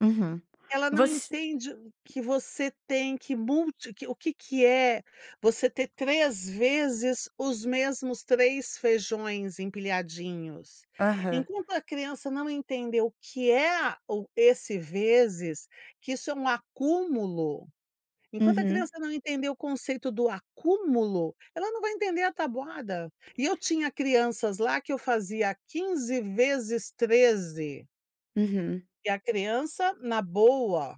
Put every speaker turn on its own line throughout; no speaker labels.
Uhum.
Ela não
Você
entende que você tem que multi que o que que é você ter 3 vezes os mesmos 3 feijões empilhadinhos.
Aham.
Enquanto a criança não entender o que é o esse vezes, que isso é um acúmulo, enquanto a
Uhum.
criança não entender o conceito do acúmulo, ela não vai entender a tabuada. E eu tinha crianças lá que eu fazia 15 vezes 13.
Uhum.
E a criança na boa.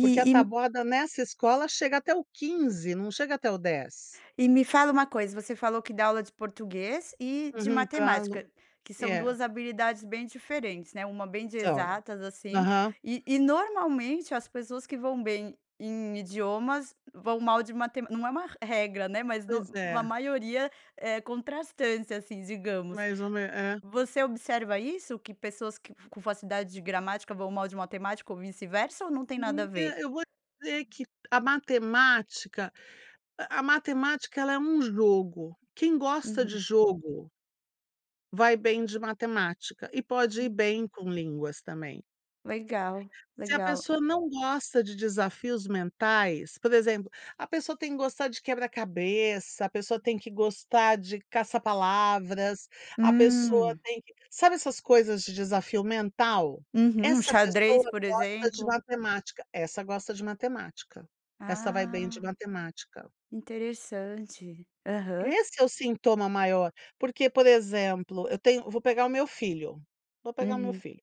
Porque a
e m
tabuada nessa escola chega até o 15, não chega até o 10.
E me fala uma coisa, você falou que dá aula de português e de
Uhum. Pra lo
matemática, que são
É.
duas habilidades bem diferentes, né, uma bem de
São.
exatas, assim,
Aham.
e e normalmente as pessoas que vão bem em idiomas vão mal de mate não é uma regra, né, mas no
Pois
a
é.
maioria é contrastante, assim, digamos.
Mais ou me é.
Você observa isso que pessoas que com facilidade de gramática vão mal de matemática ou vice-versa ou não tem nada a
Menina,
ver?
eu vou te dizer que a matemática a matemática ela é um jogo. Quem gosta de
Uhum.
jogo vai bem de matemática. E pode ir
Hum.
bem com línguas também.
Legal,
Se a
legal.
pessoa não gosta de desafios mentais, por exemplo, a pessoa tem que gostar de quebra-cabeça, a pessoa tem que gostar de caça-palavras, a pessoa
Hum.
tem que sabe essas coisas de desafio mental?
Uhum,
Essa
xadrez,
pessoa
por
gosta de
exemplo.
matemática, essa gosta de matemática. Essa vai bem
Ah,
de matemática.
interessante, aham.
Esse é o sintoma maior, porque, por exemplo, eu tenho vou pegar o meu filho, vou pegar o meu
Uhum.
filho.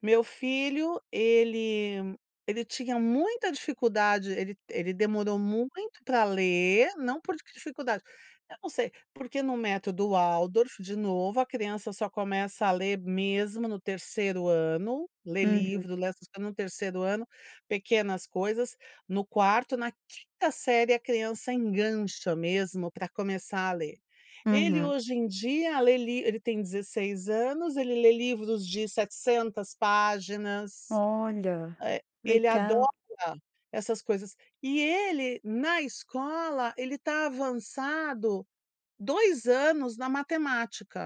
Meu filho, ele ele tinha muita dificuldade, ele ele demorou muito para ler, não por dificuldade. Eu não sei, porque no método Waldorf, de novo, a criança só começa a ler mesmo no 3º ano, ler
Uhum.
livro, ler, essas co no 3º ano, pequenas coisas, no 4º, na 5º série a criança engancha mesmo para começar a ler. Ele
Uhum.
hoje em dia lê li ele tem 16 anos, ele lê livros de 700 páginas.
Olha,
Eh, ele adora
legal.
essas coisas. E ele, na escola, ele está avançado 2 anos na matemática.